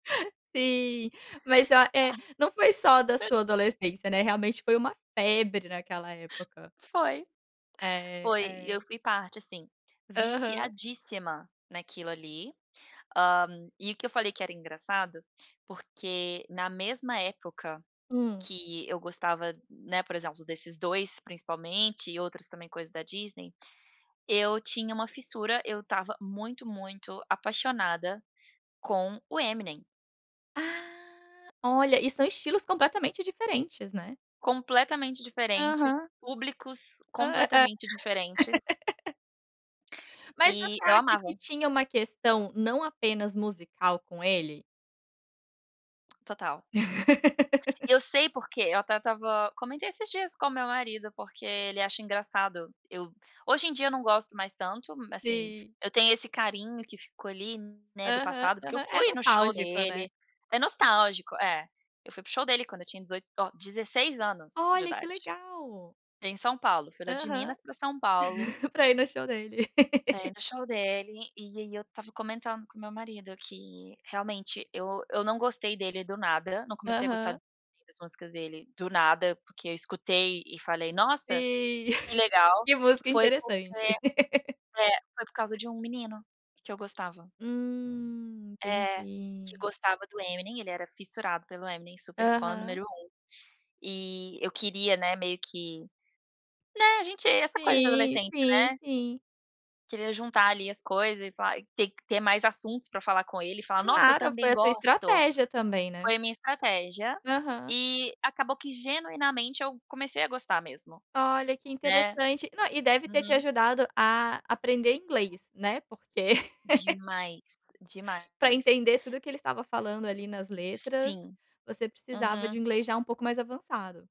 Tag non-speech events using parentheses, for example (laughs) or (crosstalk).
(laughs) Sim. Mas, oh, eh, não foi só da (laughs) sua adolescência, né? Realmente foi uma febre naquela (laughs) época. Foi. É, Foi, e eu é. fui parte, sim. Aham. Viciadíssima naquilo ali. Hã, e o que eu falei que era engraçado, porque na mesma época Hum. que eu gostava, né, por exemplo, desses 2 principalmente e outros também, coisa da Disney, eu tinha uma fissura. Eu estava muito, muito apaixonada com o Eminem. Ah, olha. E são estilos completamente diferentes, né? Completamente diferentes. Aham. Públicos Hã. É é completamente diferentes. (laughs) Mas E você eu acha que amava. tinha uma questão não apenas musical com ele? Total. (laughs) Eu sei porque. Eu até estava comentei esses dias com o meu marido, porque ele acha engraçado eu hoje em dia, eu não gosto mais tanto m assim, Sim. eu tenho esse carinho que ficou ali, né, do Aham, passado, porque eu aham. É fui no show nostálgico, né? dele. É nostálgico É. Eu fui para o show dele quando eu tinha 18, oh, 16 anos de Olha, que idade, legal! em São Paulo. Fui lá de Aham. Minas pra São Paulo (laughs) Pra ir no show dele. pra ir (laughs) no show dele. E aí, eu estava comentando com o meu marido que, realmente, eu eu não gostei dele do nada. Não comecei a gostar Aham. das músicas dele do nada, porque eu escutei e falei: "Nossa, Sim. que (laughs) legal". "Que música Foi porque interessante". É. Foi por causa (laughs) de um menino que eu gostava. Hum. É. Que Entendi. gostava do Eminem. Ele era fissurado pelo Eminem. Super fã Aham. número 1. E eu queria, né, meio que né? A gente essa coisa de Sim, adolescente, sim, né? sim. Queria juntar ali as coisas e falar te ter que ter mais assuntos pra falar com ele, e falar: "Nossa, eu Claro, também foi a tua gosto". estratégia também, né? Foi a minha estratégia Aham. e acabou que, genuinamente, eu comecei a gostar mesmo. Olha que Né? interessante. Não, e deve ter te Uhum. ajudado a aprender inglês, né, porque (laughs) Demais, demais. pra entender tudo o ele estava falando, ali, nas letras, Sim. você precisava Uhum. de um inglês já um pouco mais avançado.